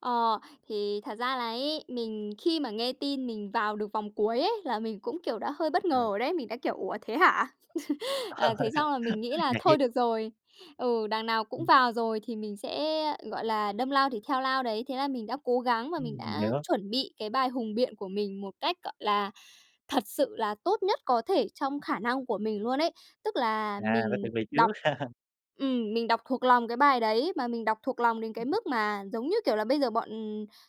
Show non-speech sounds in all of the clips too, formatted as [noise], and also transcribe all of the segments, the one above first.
Ờ, thì thật ra là ấy, mình khi mà nghe tin mình vào được vòng cuối ấy, là mình cũng, kiểu, đã hơi bất Ờ. ngờ đấy, mình đã kiểu "Ủa thế hả?" [laughs] Ờ, thế xong là mình nghĩ [laughs] là Ngạc nhiên. thôi được rồi, ừ, đằng nào cũng Ừm. vào rồi thì mình sẽ, gọi là, đâm lao thì theo lao đấy. Thế là mình đã cố gắng và mình Ừm, đã hiểu. chuẩn bị cái bài hùng biện của mình một cách, gọi là, thật sự là tốt nhất có thể trong khả năng của mình luôn ấy. Tức là À, có mình chuẩn bị đọc trước. [laughs] ừm, mình đọc thuộc lòng cái bài đấy, mà mình đọc thuộc lòng đến cái mức mà giống như, kiểu là, bây giờ bọn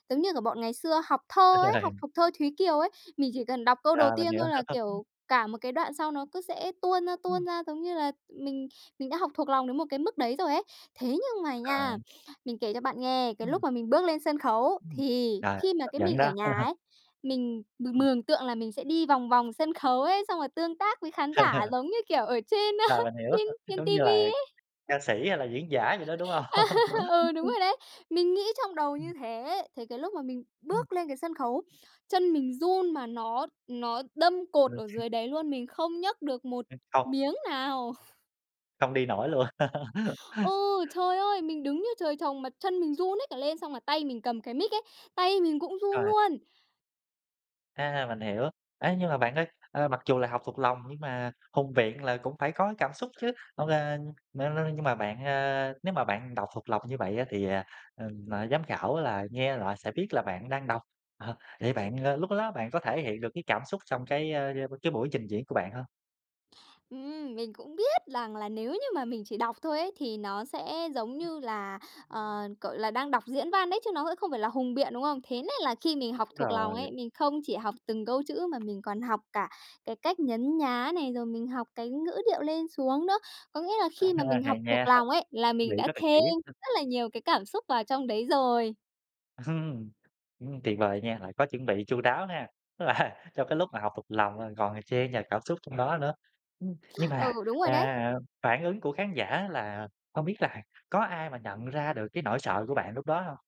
giống như kiểu bọn ngày xưa học thơ ấy học Ờ. thuộc thơ "Thúy Kiều" ấy. Mình chỉ cần đọc câu đầu Rồi, mình tiên hiểu! thôi là, [laughs] kiểu, cả một cái đoạn sau nó cứ sẽ tuôn ra, Ừm. tuôn ra giống như là mình mình đã học thuộc lòng đến một cái mức đấy rồi ấy. [sniffs] Thế nhưng mà nha, À. mình kể cho bạn nghe, cái Ừm. lúc mà mình bước lên sân khấu, Ừm, thì rồi, khi mà hấp cái dẫn mình ở đó. nhà [laughs] ấy, mình m Ừm. mường tượng là mình sẽ đi vòng vòng sân khấu ấy, xong rồi tương tác với khán giả [laughs] giống như, kiểu, ở trên Rồi, mình hiểu, trên [laughs] trên giống ti như vi là ấy! ca sĩ hay là diễn giả gì đó, đúng hông? [laughs] Ừ, đúng rồi đấy! Mình nghĩ trong đầu như Ừm. thế. Thế cái lúc mà mình Ừm. bước lên cái sân khấu, chân mình run mà nó nó đâm cột Nói ở ch dưới đấy luôn, mình không nhấc được một Ơ, không miếng nào! [chuckles] Không đi nổi luôn! [laughs] Ừ, trời ơi! Mình đứng như trời trồng mà chân mình run hết cả lên, xong là tay mình cầm cái mic ấy, tay mình cũng run Rồi. luôn. À, mình hiểu. Ấy, nhưng mà bạn ơi, ơ, mặc dù là học thuộc lòng nhưng mà hùng biện là cũng phải có cảm xúc chứ? Hông lên le le nhưng mà bạn a, nếu mà bạn đọc thuộc lòng như vậy á, thì, ừm, là giám khảo là nghe lại sẽ biết là bạn đang đọc, ờ, vậy bạn, ơ, lúc đó bạn có thể hiện được cái cảm xúc trong cái cái buổi trình diễn của bạn hông? Ừm, mình cũng biết rằng là nếu như mà mình chỉ đọc thôi ấy, thì nó sẽ giống như là, ờ, gọi là, đang đọc diễn văn đấy chứ nó cũng không phải là hùng biện, đúng không? Thế nên là khi mình học Đúng thuộc lòng rồi. ấy, mình không chỉ học từng câu chữ mà mình còn học cả cái cách nhấn nhá này, rồi mình học cái ngữ điệu lên xuống nữa. Có nghĩa là À, khi mà mình học hay thuộc nha! lòng ấy, là Suy mình nghĩ đã rất là kỹ thêm á. [laughs] rất là nhiều cái cảm xúc vào trong đấy rồi! [chuckles] Ừm, tuyệt vời nha! Lại có chuẩn bị chu đáo nữa ha. Tức là trong cái lúc mà học thuộc lòng còn chen nhào cảm xúc trong đó nữa. Ừm, nhưng Ừ, mà, đúng rồi đấy. à, phản ứng của khán giả là không biết là có ai mà nhận ra được cái nỗi sợ của bạn lúc đó hông?